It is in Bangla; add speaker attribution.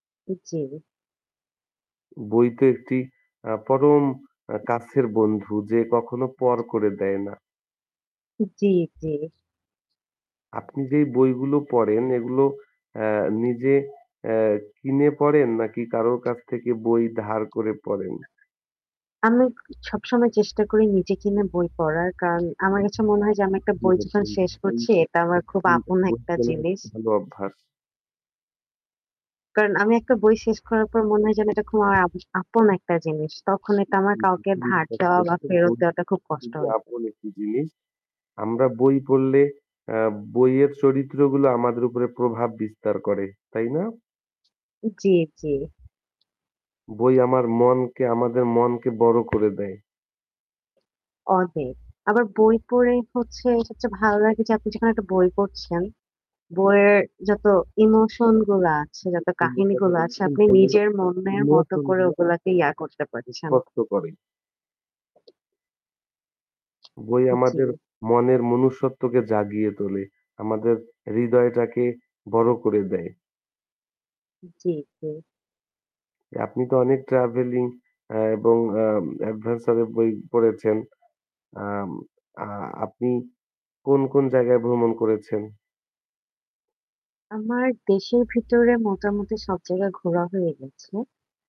Speaker 1: জ্বী।
Speaker 2: বই তো একটি আ পরম আ কাছের বন্ধু যে কখনো পর করে দেয় না।
Speaker 1: জ্বী, জ্বী।
Speaker 2: আপনি যেই বইগুলো পড়েন এগুলো অ্যা নিজে অ্যা কিনে পড়েন নাকি কারোর কাছ থেকে বই ধার করে পড়েন?
Speaker 1: আমি সবসময় চেষ্টা করি নিজে কিনে বই পড়ার। কারণ আমার কাছে মনে হয় যে, আমি একটা বই যখন শেষ করছি এটা আমার খুব আপন একটা জিনিস।
Speaker 2: [unintelligible] ভালো অভ্যাস।
Speaker 1: কারণ আমি একটা বই শেষ করার পর মনে হয় যে এটা খুব আমার আপ আপন একটা জিনিস। তখন এটা আমার কাউকে ধার দেওয়া বা
Speaker 2: [unintelligible]
Speaker 1: ফেরত
Speaker 2: বই
Speaker 1: দেওয়াটা খুব কষ্ট লাগে।
Speaker 2: আপন একটি জিনিস। আমরা বই পড়লে অ্যা বইয়ের চরিত্রগুলো আমাদের উপরে প্রভাব বিস্তার করে। তাই না?
Speaker 1: জ্বী, জ্বী।
Speaker 2: বই আমার মনকে আমাদের মনকে বড়ো করে দেয়।
Speaker 1: পড়বে। আবার বই পড়ে হচ্ছে সবচেয়ে ভালো লাগে যে আপনি যেখানে একটা বই পড়ছেন। বইয়ের যত ইমোশন গুলা আছে, যত
Speaker 2: খুব সুন্দর কথা
Speaker 1: কাহিনীগুলা আছে,
Speaker 2: বলেছেন।
Speaker 1: আপনি
Speaker 2: বই এর
Speaker 1: নিজের মনের মত করে
Speaker 2: ইমোশনগুলো
Speaker 1: ওগুলাকে ইয়া করতে পারছেন।
Speaker 2: স্পষ্ট করে। বই আমাদের
Speaker 1: জ্বী।
Speaker 2: মনের মনুষ্যত্বকে জাগিয়ে তোলে, আমাদের হৃদয়টাকে বড়ো করে দেয়।
Speaker 1: জ্বী, জ্বী।
Speaker 2: আপনি তো অনেক ট্রাভেলিং অ্যা এবং অ্যা অ্যাডভেঞ্চার এর বই পড়েছেন? অ্যাম অ্যা আপনি কোন, কোন জায়গায় ভ্রমণ করেছেন?
Speaker 1: আমার দেশের ভিতরে মোটামুটি সব জায়গায় ঘোরা হয়ে গেছে।